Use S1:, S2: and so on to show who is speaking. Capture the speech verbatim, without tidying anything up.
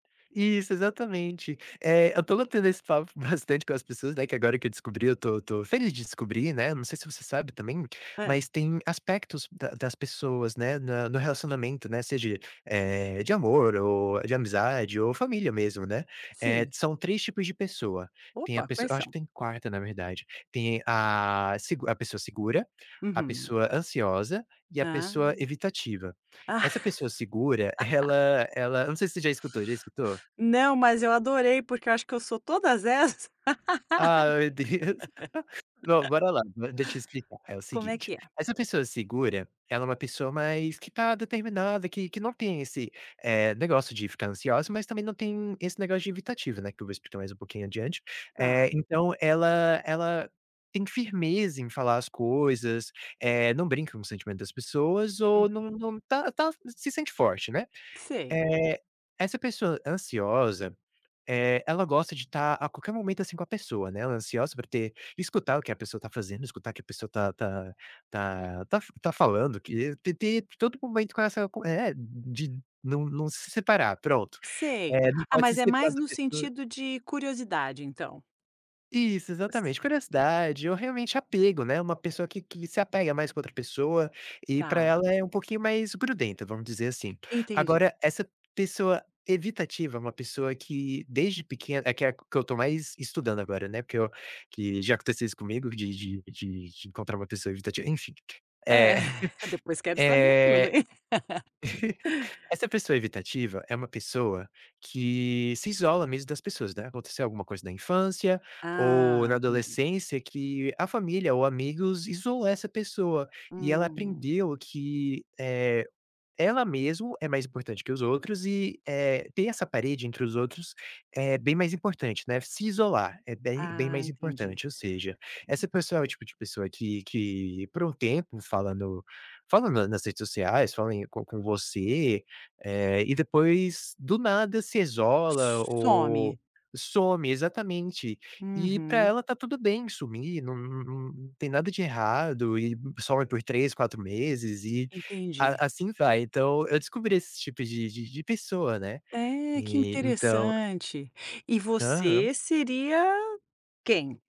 S1: Isso, exatamente, eh, eu ando tendo esse papo bastante com as pessoas, né, que agora que eu descobri eu estou estou feliz de descobrir, né. Não sei se você sabe também,
S2: Hã.
S1: mas tem aspectos da das pessoas, né, na no relacionamento, né. Seja, eh, de amor ou de amizade ou família mesmo, né, eh,
S2: Sim.
S1: são três tipos de pessoa. Tem a
S2: Opa,
S1: pesso
S2: quais
S1: eu acho que
S2: são?
S1: tem quatro na verdade, tem a segu a pessoa segura, a
S2: Uhum.
S1: pessoa ansiosa e a
S2: Ah.
S1: pessoa evitativa. Essa pessoa segura, ela ela, não sei se você já escutou, já escutou?
S2: Não, mas eu adorei porque eu acho que eu sou todas essas.
S1: Ah, meu Deus. Bom, bora lá, deixa eu explicar, é o
S2: Como é
S1: seguinte:
S2: que é?
S1: essa pessoa segura, ela é uma pessoa mais que está determinada, que que não tem, eh, esse negócio de ficar ansiosa. Mas também não tem esse negócio de evitativo, né, que eu vou explicar mais um pouquinho adiante. Eh,
S2: Tá.
S1: então ela ela tem firmeza em falar as coisas, eh, não brinca com o sentimento das pessoas,
S2: Uhum.
S1: ou não não tá tá se sente forte, né.
S2: Sei.
S1: Eh, essa pessoa ansiosa, eh, ela gosta de estar a qualquer momento, assim, com a pessoa, né. Ela ansiosa pra ter, escutar o que a pessoa está fazendo, escutar o que a pessoa tá tá tá f tá falando que, ter ter todo momento com essa com é, de não não se separar, pronto.
S2: Sei,
S1: Eh, não
S2: ah,
S1: pode se
S2: mas é
S1: separar
S2: mais
S1: da
S2: no
S1: pessoa
S2: sentido de curiosidade então.
S1: Isso, exatamente,
S2: Sei.
S1: curiosidade, ou realmente apego né, uma pessoa que que se apega mais com outra pessoa, e para ela
S2: Tá.
S1: é um pouquinho mais grudenta, vamos dizer assim.
S2: Entendi.
S1: Agora essa pessoa evitativa, uma pessoa que desde pequena é que é a que eu estou mais estudando agora, né. Porque eu, que já aconteceu isso comigo de de de de encontrar uma pessoa evitativa, enfim.
S2: Hã,
S1: Eh
S2: depois quero saber tudo,
S1: eh,
S2: hein?
S1: essa pessoa evitativa é uma pessoa que se isola mesmo das pessoas, né, aconteceu alguma coisa na infância ou
S2: Ah,
S1: na
S2: entendi.
S1: adolescência que a família ou amigos isolou essa pessoa. E ela
S2: Hum.
S1: aprendeu que, eh, ela mesmo é mais importante que os outros e, eh, ter essa parede entre os outros é bem mais importante, né, se isolar, é bem bem
S2: Ah,
S1: mais
S2: entendi.
S1: importante, ou seja, essa pessoa é o tipo de pessoa que que por um tempo falando falando nas redes sociais, falem com com você. Eh, e depois do nada, se isola
S2: Some.
S1: ou some exatamente. E para
S2: Uhum.
S1: ela está tudo bem sumir, não não não tem nada de errado e some por três, quatro meses e
S2: Entendi.
S1: a assim vai. Então, eu descobri esse tipo de de de pessoa, né.
S2: É, que
S1: E então
S2: interessante. E
S1: Aham.
S2: você seria, quem?